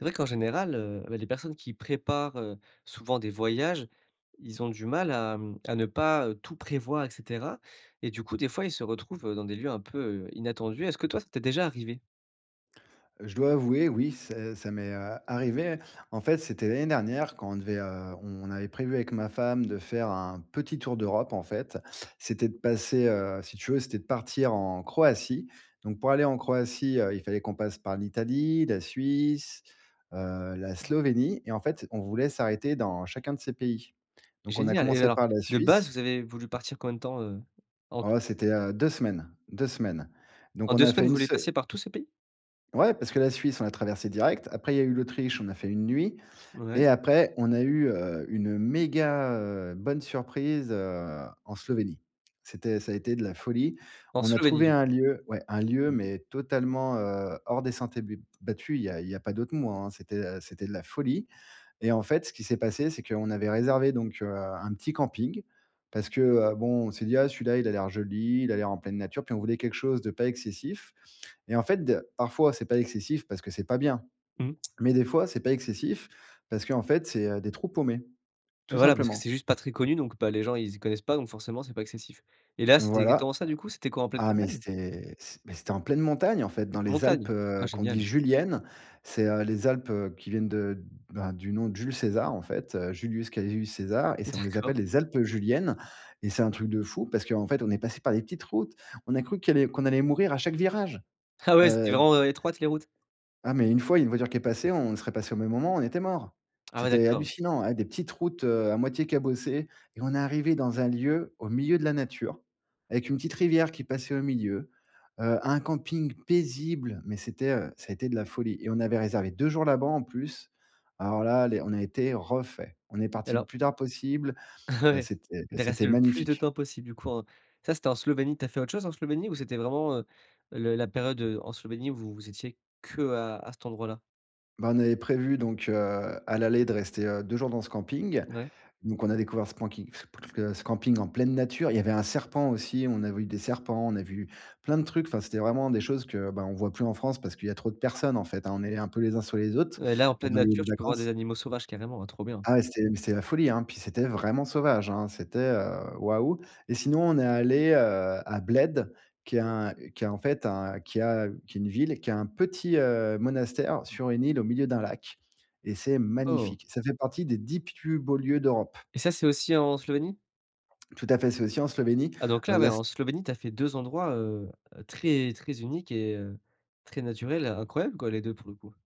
C'est vrai qu'en général, heu, et bah, les personnes qui préparent, heu, souvent des voyages, ils ont du mal à mmh, à ne pas tout prévoir, et cetera. Et du coup, des fois, ils se retrouvent dans des lieux un peu inattendus. Est-ce que toi, ça t'est déjà arrivé? Heu, je dois avouer, oui, ça ça m'est a arrivé. En fait, c'était l'année dernière quand on devait heu, on avait prévu avec ma femme de faire un petit tour d'Europe en fait. C'était de passer heu, si tu veux, c'était de partir en Croatie. Donc pour aller en Croatie, heu, il fallait qu'on passe par l'Italie, la Suisse, heu, la Ah. Slovénie et en fait, on voulait s'arrêter dans chacun de ces pays. Donc, on a Génial. Et commencé alors, par la de base, Suisse. vous avez voulu partir combien de temps en tout? Oh, c'était, heu, 2 semaines, 2 semaines. Donc, En on 2 a semaines, fait vous une voulez se passer par tous ces pays? Ouais parce que la Suisse, on l'a traversé direct. Après, il y a eu l'Autriche, on a fait une nuit Ouais. et après, on a eu heu, une méga, heu, bonne surprise heu, en Slovénie. C'était ça a été de la folie. En On a Slovénie trouvé du un coup. lieu, ouais un lieu, Mmh. mais totalement, heu, hors des sentiers bu battus. Il y a il y a pas d'autres mots, hein. C'était, heu, c'était de la folie. Et en fait, ce qui s'est passé, c'est qu'on avait réservé donc heu, un petit camping. Parce que heu, bon, on s'est dit, ah, celui-là, il a l'air joli, il a l'air en pleine nature. Puis on voulait quelque chose de pas excessif et en fait de parfois, c'est pas excessif parce que c'est pas bien. Mmh. Mais des fois, c'est pas excessif parce qu'en fait, c'est heu, des trous paumés, Et tout voilà parce que simplement. c'est juste pas très connu, donc bah les gens, ils connaissent pas, donc forcément c'est pas excessif. Et là c'était Voilà. exactement ça du coup? C'était quoi, en pleine Ah, mais campagne? c'est c beh c'était en pleine montagne en fait dans les Montagne. Alpes, Ah heu, qu'on dit génial. juliennes. C'est heu, les Alpes, heu, qui viennent de ben, du nom de Jules César en fait, Julius Caius César et on les D'accord. appelle les Alpes juliennes. Et c'est un truc de fou parce qu'en fait, on est passé par des petites routes. On a cru qu'il y allait qu'on allait mourir à chaque virage. Ah ouais, elles étaient Heu vraiment heu, étroites les routes? Ah, mais une fois, une voiture qui est passée, on serait passé au même moment, on était morts! Ah ouais C'était d'accord. hallucinant ah des petites routes heu, à moitié cabossées. Et on est arrivés dans un lieu au milieu de la nature, avec D'accord. une petite rivière qui passait au milieu, heu, un camping paisible, mais c'était heu, ça a été de la folie. Et on avait réservé 2 jours là-bas en plus. Alors là, les on a été refaits. On est Et parti le alors plus tard possible. Heu, Ouais, c'était de c'était rester le plus de magnifique. temps possible du coup en ça, c'était en Slovénie, tu as fait autre chose en Slovénie, ou c'était vraiment, heu, le la période, heu, en Slovénie où vous vous étiez qu'à à cet endroit-là? Bah, on avait prévu donc heu, à l'aller de rester, heu, 2 jours dans ce camping. Ouais. Donc, on a découvert ce camping, ce pt ce camping en pleine nature. Il y avait un serpent aussi, on a vu des serpents, on a vu plein de trucs. Enfin, c'était vraiment des choses que, bah on voit plus en France parce qu'il y a trop de personnes en fait, on est un peu les uns sur les autres, Ouais, là en pleine dans les lieux nature de tu peux voir vacances. des animaux sauvages carrément, ouais, trop bien. Ah ouais, c'était, mais, c'était la folie hein. Puis c'était vraiment sauvage hein. C'était heu, waouh. Et sinon, on est allé, heu, à Bled, qui est un qui est en fait un qui a qui est une ville qui a un petit, heu, monastère sur une île au milieu d'un lac, et c'est Oh! magnifique. Ça fait partie des 10 plus beaux lieux d'Europe. Et ça, c'est aussi en Slovénie? Tout à fait, c'est aussi en Slovénie. Ah donc Heu là, la beh s en Slovénie, tu as fait 2 endroits, heu, très très uniques et heu très naturels, incroyables quoi, les 2 pour le coup.